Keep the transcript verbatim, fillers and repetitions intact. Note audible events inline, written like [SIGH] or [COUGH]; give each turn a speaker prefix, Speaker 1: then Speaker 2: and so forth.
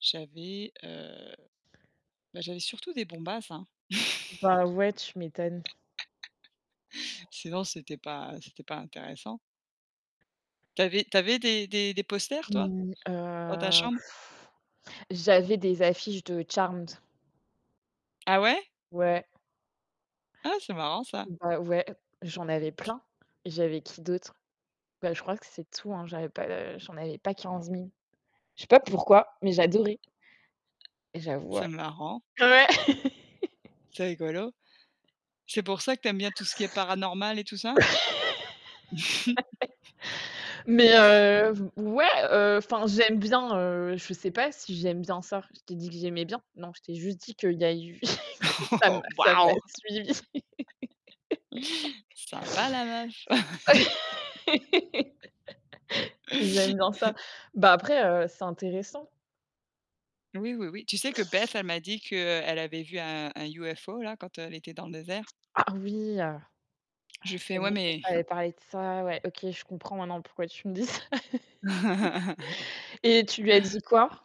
Speaker 1: J'avais, heu, bah, j'avais surtout des bombasses, hein.
Speaker 2: Bah, ouais, tu m'étonnes.
Speaker 1: [LAUGHS] Sinon, c'était pas c'était pas intéressant. Tu avais tu avais des des des posters toi?
Speaker 2: Mmh,
Speaker 1: Dans ta
Speaker 2: heu,
Speaker 1: chambre?
Speaker 2: [BLOWS AIR] j'avais des affiches de Charmed.
Speaker 1: Ah, ouais?
Speaker 2: Ouais.
Speaker 1: Ah, c'est marrant ça.
Speaker 2: Bah, ouais. J'en avais
Speaker 1: Tu
Speaker 2: plein et j'avais qui d'autre? Bah, je crois que c'est tout, hein, j'avais pas de j'en avais pas quinze mille. Je sais pas pourquoi, mais j'adorais et j'avoue, heu,
Speaker 1: C'est marrant.
Speaker 2: ouais.
Speaker 1: C'est
Speaker 2: [LAUGHS]
Speaker 1: rigolo. C'est pour ça que tu aimes bien tout ce qui est paranormal et tout ça? [CHUCKLES]
Speaker 2: [LAUGHS] Mais, heu, v ouais, heu, enfin, j'aime bien, heu, je sais pas si j'aime bien ça. Je t'ai dit que j'aimais bien? Non, je t'ai juste dit qu'il y a eu que
Speaker 1: Oh
Speaker 2: ça m'a
Speaker 1: oh! [LAUGHS]
Speaker 2: ça m'a
Speaker 1: Waouh!
Speaker 2: suivie [LAUGHS]
Speaker 1: Sympa la meuf!
Speaker 2: [LAUGHS] que j'aime bien ça.
Speaker 1: [LAUGHS]
Speaker 2: Bah, après, heu, c'est intéressant.
Speaker 1: Oui, oui, oui, tu sais que Beth, elle m'a dit qu'elle avait vu un un UFO, là, quand, heu, elle était dans le désert?
Speaker 2: Ah, ah oui, heu,
Speaker 1: Je lui ai fait:
Speaker 2: c'est
Speaker 1: «Ouais,
Speaker 2: vrai que je
Speaker 1: mais»
Speaker 2: t'avais
Speaker 1: [CHUCKLES]
Speaker 2: parlé de ça, ouais, OK, je comprends maintenant pourquoi tu me dis ça.
Speaker 1: [CHUCKLES]
Speaker 2: [LAUGHS] Et, tu lui as dit quoi?